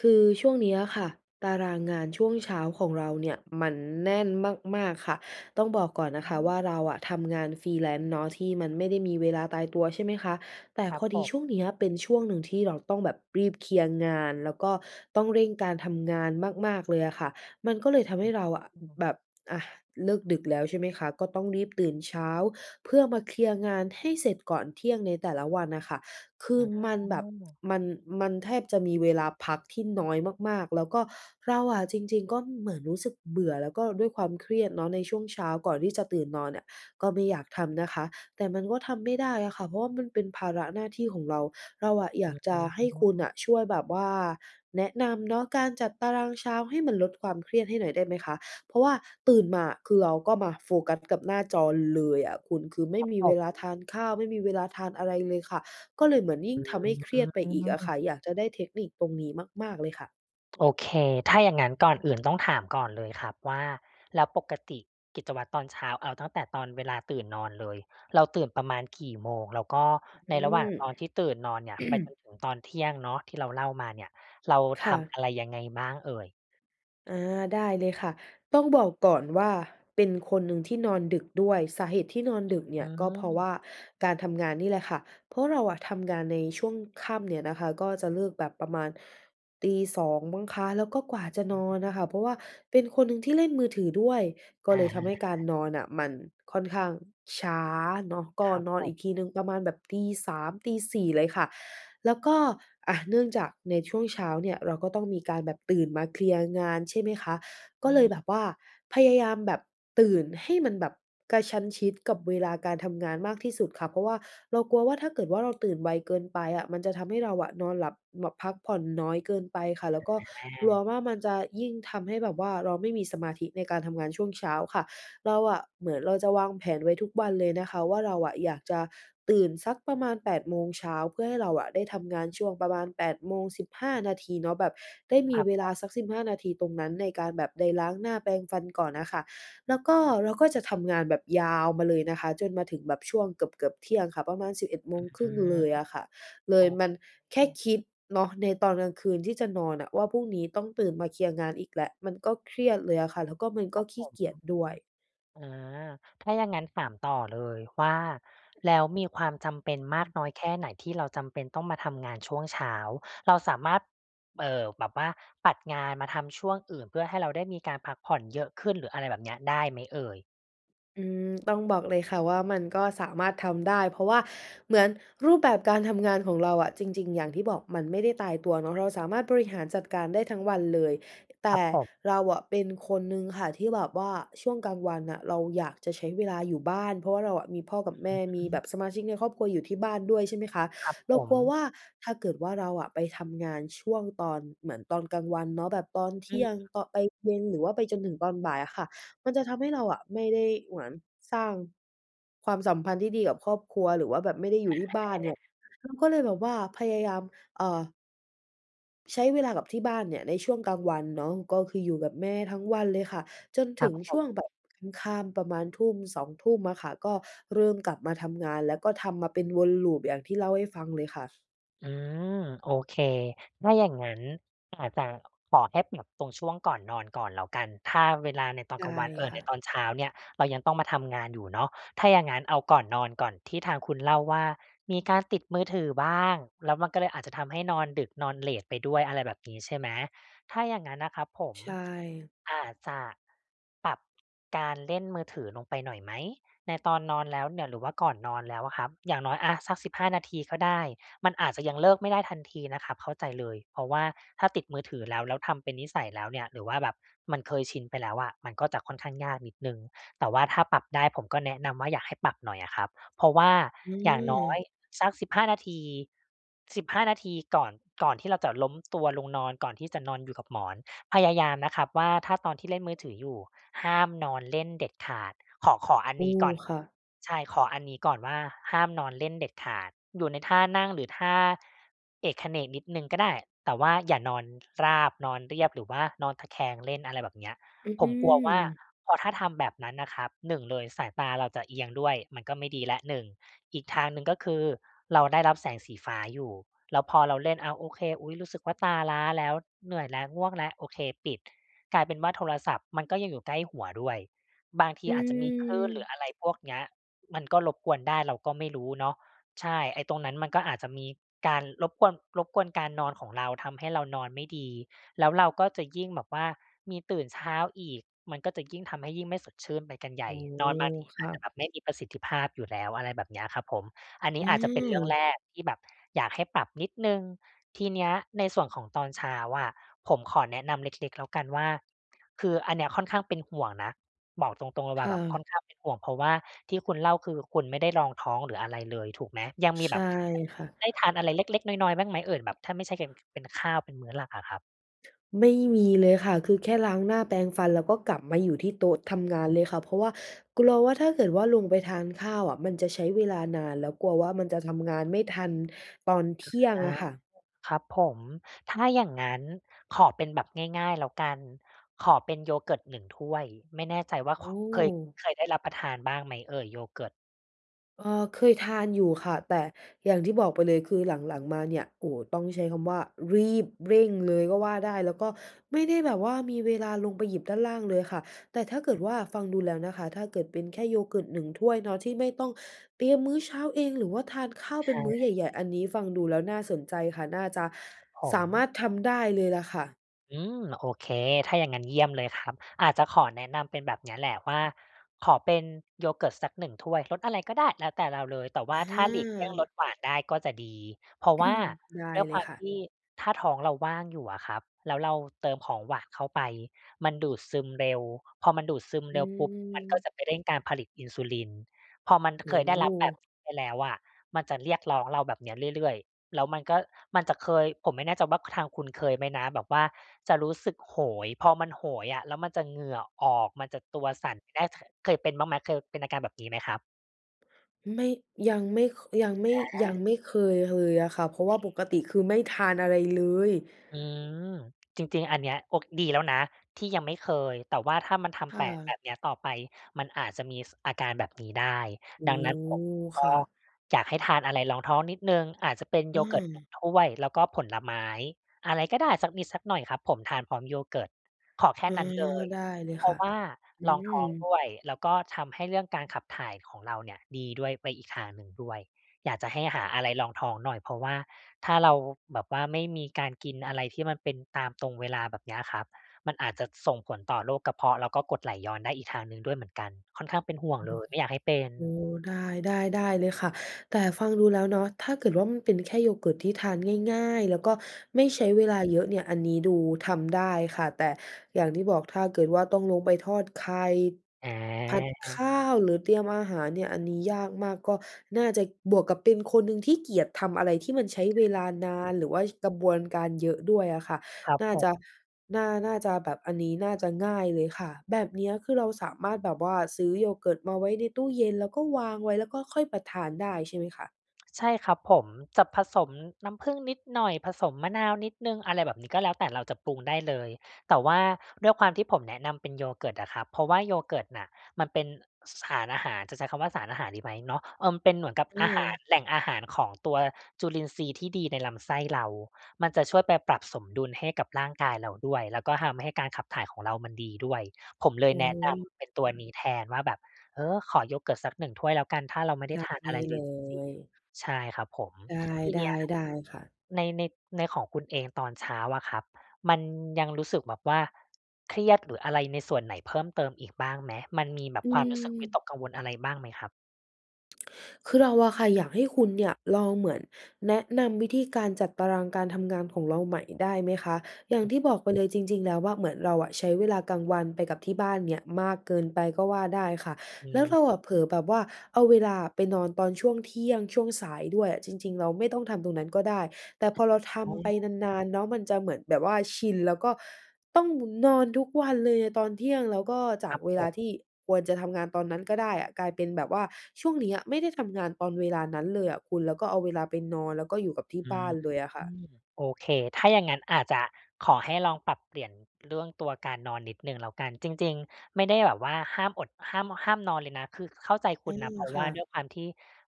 คือช่วงนี้อะค่ะ ตารางงานช่วงเช้าของเราเนี่ยมันแน่นมาก ๆ ค่ะ ต้องบอกก่อนอืนะคะว่า ม เราอะทำงาน Freelance เนาะ ที่มันไม่ได้มีเวลาตายตัว ใช่ไหมคะ แต่ครพับอผดีม ช่วงเนี้ยเป็นช่วงหนึ่งที่เราต้องแบบรีบเคลียร์งาน แล้วก็ต้องเร่งการทำงานมาก ๆ เลยอะค่ะ มันก็เลยอืทอำฮใหึ ้เราอะ ออ ืแม บบ อะ เลิกดึกแล้ว ใช่ไหมคะ ก็ต้องรีบตื่นเช้า เพื่อมาเคลียร์งานให้เสร็จก่อนเที่ยงในแต่ละวันน่ะค่ะ คืออ๋มันแบบ อ มัน มันแทบจะมีเวลาพักที่น้อยมาก ๆ แล้วก็เราอะ จริง ๆ ก็เหมือนรู้สึกเบื่อ แล้วก็ด้วยความเครียดเนาะในช่วงเช้าก่อนที่จะตื่นนอนเนี่ย ก็ไม่อยากทำนะคะ แต่มันก็ทำไม่ได้อะค่ะ เพราะว่ามันเป็นภาระหน้าที่ของเรา เราอะอยากจะให้คุณน่ะช่วยแบบว่าแนะนำเนาะการจัดตารางเช้าให้มันลดความเครียดให้หน่อยได้ไหมคะ? เพราะว่าตื่นมาอะ คือเราก็มาโฟกัสกับหน้าจอเลยอะคุณ คือไมค่รับมีผเวลาทม านข้าว ไม่มีเวลาทานอะไรเลยค่ะ ก็เลยเหมือนยิ่องืทำให้เครียดไปอีกอะค่ะ ม อยากจะได้เทคนิคตรงนี้มาก ๆ เลยค่ะ โอเค ถ้าอย่างงั้นก่อนอื่นต้องถามก่อนเลยครับว่า แล้วปกติกิจวัตรตอนเช้า เอาตั้งแต่ตอนเวลาตื่นนอนเลย เราตื่นประมาณกี่โมง? แล้วก็อในืระหว่างม ตอนที่ตื่นนอนเนี่ยไปจนถึงตอนเที่ยงเนาะ ที่เราเล่ามาเนี่ย เราคท่ำะ อะไรยังไงบ้างเอ่ย? อา ได้เลยค่ะ ต้องบอกก่อนว่า เป็นคนหนึ่งที่นอนดึกด้วย สาเหตุที่นอนดึกเนีอ่ืย ก็เพราะวม ่าการทำงานนี่แหละค่ะ เพราะเราอะทำงานในช่วงค่ำเนี่ยนะคะ ก็จะเลิกแบบประมาณ 02:00 มั้งคะ แล้วก็กว่าจะอนือนน่ะคม ่ะ เพราะว่าเป็นคนหนึ่งที่เล่นมือถือด้วย ก็อะเลยทฮำให้การะ นอนน่ะมันค่อนข้างช้าเนาะ ก็ครับนอผนอีม กทีหนึ่งประมาณแบบ 03:00-04:00 เลยค่ะ แล้วก็ อะ เนื่องจากในช่วงเช้าเนี่ยเราก็ต้องมีการแบบตื่นมาเคลียร์งาน ใช่ไหมคะ ก็อเลืม ยแบบว่าพยายามแบบตื่นให้มันแบบกระชั้นชิดกับเวลาการทำงานมากที่สุดค่ะ เพราะว่าเรากลัวว่า ถ้าเกิดว่า เราตื่นไวเกินไปอะ มันจะทำให้เรานอนหลับแบบพักผ่อนน้อยเกินไปค่ะ แล้วก็กลอัวา ว่า มันจะยิ่งทำให้แบบว่าเราไม่มีสมาธิในการทำงานช่วงเช้าค่ะ เราอะ เหมือนเราจะวางแผนไว้ทุกวันเลยนะคะว่า เราอะอยากจะตื่นสักประมาณ 8 โมงเช้า เพื่อให้เราอะได้ทำงานช่วงประมาณ 08:15 เนาะ แบบได้มคีรับเวผลาม สัก 15 นาทีตรงนั้นในการแบบได้ล้างหน้า แปรงฟันก่อนน่ะค่ะ แล้วก็เราก็จะทำงานแบบยาวมาเลยนะคะ จนมาถึงแบบช่วงเกือบ ๆ เที่ยงค่ะ ประมาณ สิบเอ็ดโมงครอึ่ืง เลม ยอะค่ะ เลโอยมเค ัน แค่คิดเนาะในตอนกลางคืนที่จะนอนน่ะว่า พรุ่งนี้ต้องตื่นมาเคลียร์งานอีกแล้ว มันก็เครียดเลยอะค่ะ แล้วก็มันคก็รับขผี้ม เกียจด้วย อ๋อ ถ้าอย่างงั้นถามต่อเลยว่า แล้วมีความจำเป็นมอาืกม น้อยแค่ไหน? ที่เราจำเป็นต้องมาทำงานช่วงเช้า เราสามารถ เอ่อ แบบว่าปัดงานมาทำช่วงอื่น เพื่อให้เราได้มีการพักผ่อนเยอะขึ้นหรืออะไรแบบเนี้ย ได้ไหมเอ่ย? อืม ต้องบอกเลยค่ะ ว่ามันก็สามารถทำได้ เพราะว่าเหมือนรูปแบบการทำงานของเราอะ จริง ๆ อย่างที่บอกมันไม่ได้ตายตัวเนาะ เราสามารถบริอือ หารจัดการได้ทั้งวันเลย แตครั่บผม เราอะเป็นคนหนึ่งค่ะ ที่แบบว่าช่วงกลางวันน่ะเราอยากจะใช้เวลาอยู่บ้าน เพราะว่าเราอะมีพ่อกับแม่ มอีืแบม บสมาชิกในครอบครัวอยู่ที่บ้านด้วย ใช่ไหมคะ ครับเผรากลัววม ่า ถ้าเกิดว่าเราอะไปทำงานช่วงตอน เหมือนตอนกลางวันเนาะ แบบตอนเทอืี่อ ยงตอน ไปเย็น หรือว่าไปจนถึงตอนบ่ายอะค่ะ มันจะทำให้เราอะไม่ได้เหมือนสร้างความสัมพันธ์ที่ดีกับครอบครัว หรือว่าแบบไม่ได้อยู่ที่บ้านเนีอ่า ย เราก็เลยแบบว่าพยายาม เอ่อ ใช้เวลากับที่บ้านเนี่ยในช่วงกลางวันเนาะ ก็คืออยู่กับแม่ทั้งวันเลยค่ะ จนคถรึับงผช่วม งแบบค่ำ ๆ ประมาณทุ่ม 2 ทุ่มอะค่ะ ก็เริ่มกลับมาทำงาน แล้วก็ทำมาเป็นวน loop อย่างที่เล่าให้ฟังเลยค่ะ อืม โอเค ถ้าอย่างงั้นอาจจะขอแค่แบบตรงช่วงก่อนนอนก่อนแล้วกัน ถ้าเวลาในตอนได้กลางวัน เอ่อ ค่ในะ ตอนเช้าเนี่ย เรายังต้องมาทำงานอยู่เนาะ ถ้าอย่างงั้นเอาก่อนนอนก่อน ที่ทางคุณเล่าว่ามีการติดมือถือบ้าง แล้วมันก็เลยอาจจะทำให้นอนดึก นอนเลตไปด้วย อะไรแบบนี้ใช่ไหม ถ้าอย่างนั้นนะครับผม ใช่ อาจจะปรับการเล่นมือถือลงไปหน่อยไหม ในตอนนอนแล้วเนี่ย หรือว่าก่อนนอนแล้วอะครับ อย่างน้อยอะสัก 15 นาทีก็ได้ มันอาจจะยังเลิกไม่ได้ทันทีนะครับ เข้าใจเลย เพราะว่าถ้าติดมือถือแล้ว แล้วทำเป็นนิสัยแล้วเนี่ย หรือว่าแบบมันเคยชินไปแล้วอะ มันก็จะค่อนข้างยากนิดหนึ่ง แต่ว่าถ้าปรับได้ผมก็แนะนำว่า อยากให้ปรับหน่อยอะครับ เพราะว่าอือย่างน้อยม สัก 15 นาที 15 นาทีก่อน ก่อนที่เราจะล้มตัวลงนอน ก่อนที่จะนอนอยู่กับหมอน พยายามนะครับว่า ถ้าตอนที่เล่นมือถืออยู่ห้ามนอนเล่นเด็ดขาด ขอ ขออันโอ้ นี้ก่อน ค่ะ ใช่ ขออันนี้ก่อนว่า ห้ามนอนเล่นเด็ดขาด อยู่ในท่านั่งหรือท่าเอกเขนกนิดหนึ่งก็ได้ แต่ว่าอย่านอนราบ นอนเรียบ หรือว่านอนตะแคงเล่น อะไรแบบเนี้ย อผมกลัวว่าือ พอถ้าทำแบบนั้นนะครับ หนึ่งเลยสายตาเราจะเอียงด้วย มันก็ไม่ดีแล้วหนึ่ง อีกทางหนึ่งก็คือเราได้รับแสงสีฟ้าอยู่ แล้วพอเราเล่น อะ โอเค อุ๊ย รู้สึกว่าตาล้าแล้ว เหนื่อยแล้ว ง่วงแล้ว โอเค ปิด กลายเป็นว่าโทรศัพท์มันก็ยังอยู่ใกล้หัวด้วย บางทีออาจจะมีคลื่นหรืือ ออะไรพวกเนี้ย มันก็รบกวนได้เราก็ไม่รู้เนาะ ใช่ ไอ้ตรงนั้นมันก็อาจจะมีการรบกวน รบกวนการนอนของเราทำให้เรานอนไม่ดี แล้วเราก็จะยิ่งแบบว่ามีตื่นเช้าอีก มันก็จะยิ่งทำให้ยิ่งไม่สดชื่นไปกันใหญโอ่ ้โฮ นอนบางทีคอ่าจจะะ แบบไม่มีประสิทธิภาพอยู่แล้ว อะไรแบบนี้อะครับผม อันนีอ้อาจจะเป็นเรื่องืม แรกที่แบบอยากให้ปรับนิดหนึ่ง ทีเนี้ยในส่วนของตอนเช้าอะ ผมขอแนะนำเล็ก ๆ แล้วกันว่า คืออันเนี้ยค่อนข้างเป็นห่วงนะ บอกตรง ๆ เลยคว่า่แบบะ ค่อนข้างเป็นห่วง เพราะว่าที่คุณเล่าคือคุณไม่ได้รองท้องหรืออะไรเลยถูกไหม ยังมีใชแบ่บได้ ค่ะ ได้ทานอะไรเล็ก ๆ น้อย ๆ บ้างไหมเอ่ย แบบถ้าไม่ใช่เป็น เป็นข้าวเป็นมื้อหลักอะครับ? ไม่มีเลยค่ะ คือแค่ล้างหน้าแปรงฟัน แล้วก็กลับมาอยู่ที่โต๊ะทำงานอือ เลยค่ะ เพราะว่ากลัวว่า ถ้าเกิดว่าลงไปทานข้าวอะ มันจะใช้เวลานาน แล้วกลัวว่ามันจะทำงานไม่ทันตอนเทอา ี่ยงอะค่ะ ครับผม ถ้าอย่างงั้น ขอเป็นแบบง่าย ๆ แล้วกัน ขอเป็น yogurt 1 ถ้วย ไม่แน่ใจว่า โอค เคย ้ เคยได้รับประทานบ้างไหมเอ่ย yogurt? เอ่อ เคยทานอยู่ค่ะ แต่อย่างที่บอกไปเลย คือหลัง ๆ มาเนี่ย โอ้ ต้องใช้คำว่ารีบเร่งเลยก็ว่าได้ แล้วก็ไม่ได้แบบว่า มีเวลาลงไปหยิบด้านล่างเลยค่ะ แต่ถ้าเกิอดือ ว่า ฟังดูแล้วนะคะ ถ้าเกิดเป็นแค่ yogurt 1 ถ้วยเนาะ ที่ไม่ต้องเตรียมมื้อเช้าเอง หรือว่าทานข้าวใชเป็นมื้อใ่ หญ่ ๆ อันนี้ฟังดูแล้วน่าสนใจค่ะ น่าจะครับผสม ามารถทำได้เลยล่ะค่ะ อืม โอเค ถ้าอย่างงั้น เยี่ยมเลยครับ อาจจะขอแนะนำเป็นแบบเนี้ย แหละว่า ขอเป็น yogurt สัก 1 ถ้วย รสอะไรก็ได้ แล้วแต่เราเลย แต่วอ่าถ้าหลีกเลี่ยงรสา หวานได้ก็จะดี เพราะว่าได้ด้วยเคลวยามค่ทะ ี่ถ้าท้องเราว่างอยู่อะครับ แล้วเราเติมของหวานเข้าไป มันดูดซึมเร็ว พอมันดูดซึมอืเร็วปุ๊บ มันก็ม จะไปเร่งการผลิตอินซูลิน พอมันโอเค้ยไโด้รับแบฮ บ ไปแล้วอะ มันจะเรียกร้องเราแบบเนี้ย เรื่อย ๆ แล้วมันก็ มันจะเคย ผมไม่แน่ใจว่า ค ทางคุณเคยไหมนะ แบบว่าจะรู้สึกโหย พอมันโหยอะ แล้วมันจะเหงื่อออก มันจะตัวสั่น กินได้ทั้ง เคยเป็นบ้างไหม เคยเป็นอาการแบบนี้ไหมครับ? ไม่ ยังไม่ ค ยังไม่ ยัอา งไม่เคยเลยอะค่ะ เพโรอาะวเ่ค าปกติคือไม่ทานอะไรเลย อืม จริง ๆ อันเนี้ย โอ ดีแล้วนะที่ยังไม่เคย แต่ว่าถ้ามันทคำ่แปะแบะ บเนี้ยต่อไป มันอาจจะมี ส อาการแบบนี้ได้ อ๋ดอ ังนั้นผมกค็่ะ อยากให้ทานอะไรรองท้องนิดหนึ่ง อาจจะเป็นโอยเกิร์ตหนึ่า งถ้วยแล้วก็ผลไม้ อะไรก็ได้สักนิดสักหน่อยครับผมทานพร้อมโยเกิร์ต ขอแคอ่า นั้นเลย ได้เลยเพรคา่ะะ ว่าอืรองท้องม ด้วย แล้วก็ทำให้เรื่องการขับถ่ายของเราเนี่ยดีด้วย ไปอีกทางหนึ่งด้วย อยากจะให้หาอะไรรองท้องหน่อย เพราะว่าถ้าเราแบบว่าไม่มีการกินอะไรที่มันเป็นตาม ตรงเวลาแบบเนี้ยครับ มันอาจจะส่งผลต่อโรคกระเพาะ แล้วก็กรดไหลย้อนได้อีกทางหนึ่งด้วยเหมือนกัน ค่อนข้างเป็นห่วงเลย ไม่อยากให้เป็น โอ้ ได้ ๆ ได้เลยค่ะ แต่ฟังดูแล้วเนาะ ถ้าเกิดว่ามันเป็นแค่โยเกิร์ตที่ทานง่าย ๆ แล้วก็ไม่ใช้เวลาเยอะเนี่ย อันนี้ดูทำได้ค่ะ แต่อย่างที่บอกถ้าเกิดว่าต้องลงไปทอดไข่ อผัดขา ้าวหรือเตรียมอาหารเนี่ย อันนี้ยากมาก ก็น่าจะบวกกับเป็นคนหนึ่งที่เกลียดทำอะไรที่มันใช้เวลานาน หรือว่ากระบวนการเยอะด้วยอะค่ะ ครับน่าผจม ะ น่า น่าจะแบบ อันนี้น่าจะง่ายเลยค่ะ แบบเนี้ยคือเราสามารถแบบว่าซื้อโยเกิร์ตมาไว้ในตู้เย็น แล้วก็วางไว้ แล้วก็ค่อยไปทานได้ใช่ไหมคะ? ใช่ครับผม จะผสมน้ำผึ้งนิดหน่อย ผสมมะนาวนิดหนึ่ง อะไรแบบนี้ ก็แล้วแต่เราจะปรุงได้เลย แต่ว่าด้วยความที่ผมแนะนำเป็นโยเกิร์ตอะครับ เพราะว่าโยเกิร์ตน่ะ มันเป็น ส สารอาหาร จะใช้คำว่าสารอาหารดีไหมเนาะ เอ่อ เป็นเหมือนกับอือาหาร ม แหล่งอาหารของตัวจุลินทรีย์ที่ดีในลำไส้เรา มันจะช่วยไปปรับสมดุลให้กับร่างกายเราด้วย แล้วก็ทำให้การขับถ่ายของเรามันดีด้วย ผมเลยอืแนะนม ำเปค็นตัว่นะ ี้แทนว่าแบบ เออ ขอโยเกิร์ตสักหนึ่งถ้วยแล้วกัน ถ้าเราไม่ไดจ้ัทดานใอหะ้ไรเลเลยจริง ย ๆ ใช่ครับผม ได้ ทีไดเ้ นี้ย ได้ค่ะ ใน ใน ในของคุณเองตอนเช้าอะครับ มันยังรู้สึกแบบว่าเครียดหรืออะไรในส่วนไหนเพิ่มเติมอีกบ้างไหม มันมีแบบอืความรู้สึกวิม ตกกังวลอะไรบ้างไหมครับ? คือเราอะค่ะอยากให้คุณเนี่ยลองเหมือน แนะนำวิธีการจัดตารางการทำงานของเราใหม่ได้ไหมคะ? อย่างที่บอกไปเลยจริง ๆ แล้วว่า เหมือนเราอะใช้เวลากลางวันไปกับที่บ้านเนี่ยมากเกินไปก็ว่าได้ค่ะ อแล้วเืม ราอะเผลอแบบว่า เอาเวลาอะไปนอนตอนช่วงเที่ยง ช่วงสายด้วยอะ จริง ๆ เราไม่ต้องทำตรงนั้นก็ได้ แต่พอเราทโอ้ ำไปนาน ๆ เนาะมันจะเหมือนแบบว่าชิน แล้วก็ต้องนอนทุกวันเลยอะตอนเที่ยง แล้วก็จคารกับเวผลาม ที่ควรจะทำงานตอนนั้นก็ได้อะ กลายเป็นแบบว่าช่วงเนี้ยไม่ได้ทำงานตอนเวลานั้นเลยอะคุณ แล้วก็เอาเวลาไปนอน แล้วก็อยู่กับที่อืบ้ม านเลยอะค่ะ โอเค ถ้าอย่างงั้นอาจจะขอให้ลองปรับเปลี่ยนเรื่องตัวการนอนนิดหนึ่งแล้วกัน จริง ๆ ไม่ได้แบบว่าห้ามอด ห้าม ห้ามนอนเลยนะ คือเข้าใจคอืุณนม ะ เพราะคว่่าด้วะ ยความที่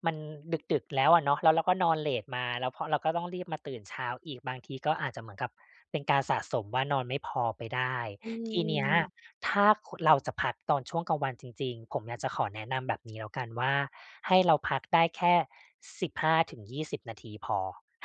มันดึก ๆ แล้วอะเนาะ แล้วเราก็นอนเลตมา แล้วพอเราก็ต้องรีบมาตื่นเช้าอีก บางทีก็อาจจะเหมือนกับเป็นการสะสมว่านอนไม่พอไปได้ อืทีเนี้ย ม ถ้า คุ เราจะพักตอนช่วงกลางวันจริง ๆ ผมอยากจะขอแนะนำแบบนี้แล้วกันว่า ให้เราพักได้แค่ 15-20 นาทีพอ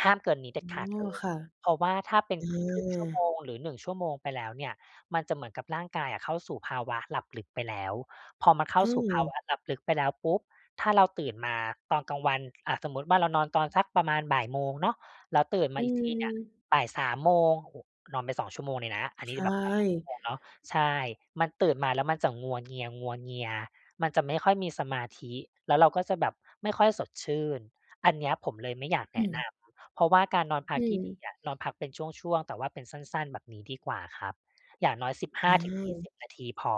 ห้ามเกินนี้เด็ดอข๋าดอ เลย ค่ะ เพราะว่าถ้าเป็น อค ครึ่งชั่วโมา งหรือ 1 ชั่วโมงไปแล้วเนี่ย มันจะเหมือนกับร่างกายอะ เข้าสู่ภาวะหลับลึกไปแล้ว พอมันเข้าอืสู่ภาม วะหลับลึกไปแล้วปุ๊บ ถ้าเราตื่นมาตอนกลางวัน อะ สมมติว่าเรานอนตอนสักประมาณ 13:00 เนาะ แล้วตื่นมอืาอีกทีเนี่ย ม 15:00 โมง โอ้ นอนไป 2 ชั่วโมงเลยนะ อันในีช้แบบนอนไป 2 ชั่วโ่ มงเนาะ ใช่ มันตื่นมาแล้วมันจะงัวเงีย ๆ มันจะไม่ค่อยมีสมาธิ แล้วเราก็จะแบบไม่ค่อยสดชื่น อันเนี้ยผมเลยไม่อยากแอนะืนม ำ เพราะว่าการนอนพอัืกที่ดีม อะ นอนพักเป็นช่วง ๆ แต่ว่าเป็นสั้น ๆ แบบนี้ดีกว่าครับ อย่างน้อย สิบห้าอถึงยี่า สิบ นาทีพอ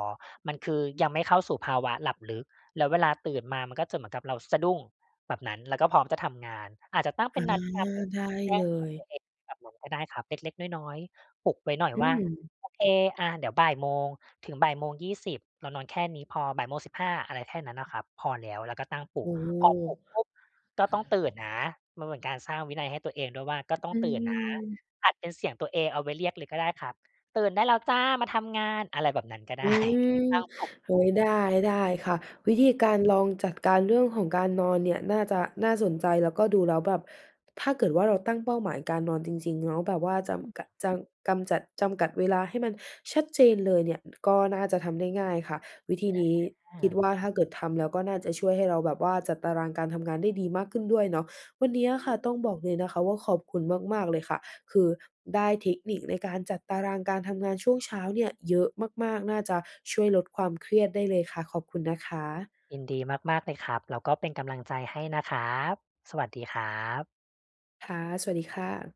มันคือยังไม่เข้าสู่ภาวะหลับลึก แล้วเวลาตื่นมามันก็จะเหมือนกับเราสะดุ้งแบบนั้น แล้วก็พร้อมจะทำงาน อาจจะตั้งเปอ็า นนาฬิกาปลุกได้แจ้เลงเตือนย ตัวเองแบบนั้นก็ได้ครับ เล็ก ๆ น้อย ๆ ปลุกไว้หน่อยอืว่า ม โอเค อะ เดี๋ยว 13:00 ถึง 13:20 เรานอนแค่นี้พอ 13:15 อะไรแค่นั้นน่ะครับ พอแล้ว แล้วก็ตั้งปลโุอก ้ พอปลุกปุ๊บ ก็ต้องตื่นนะ มันเหมือนการสร้างวินัยให้ตัวเองด้วยว่าก็ต้อองตื่นนะ ืม อัดเป็นเสียงตัวเองเอาไว้เรียกเลยก็ได้ครับ "ตื่นได้แล้วจ้า มาทำงาน" อะไรแบบนั้นก็ ไอดื้ ม ตั้งปลุก โอ๊ย [unintelligible] ได้ ได้ค่ะ วิธีการลองจัดการเรื่องของการนอนเนี่ยน่าจะน่าสนใจ แล้วก็ดูแล้วแบบถ้าเกิดว่าเราตั้งเป้าหมายการนอนจริง ๆ เนาะ แบบว่าจอืม ำกัด จำ กำจัด จำกัดเวลาให้มันชัดเจนเลยเนี่ย ก็น่าจะทำได้ง่ายค่ะ วิธีนี้อคิดา ว่า ถ้าเกิดทำแล้วก็น่าจะช่วยให้เราแบบว่า จัดตารางการทำงานได้ดีมากขึ้นด้วยเนาะ วันเนี้ยออะค่ะ ืตม ้องบอกเลยนะคะว่าขอบคุณมาก ๆ เลยค่ะ คือได้เทคนิคในการจัดตารางการทำงานช่วงเช้าเนี่ยเยอะมาก ๆ น่าจะช่วยลดความเครียดได้เลยค่ะ ขอบคุณนะคะ ยินดีมาก ๆ เลยครับ แล้วก็เป็นกำลังใจให้นะครับ สวัสดีครับ ค่ะ สวัสดีค่ะ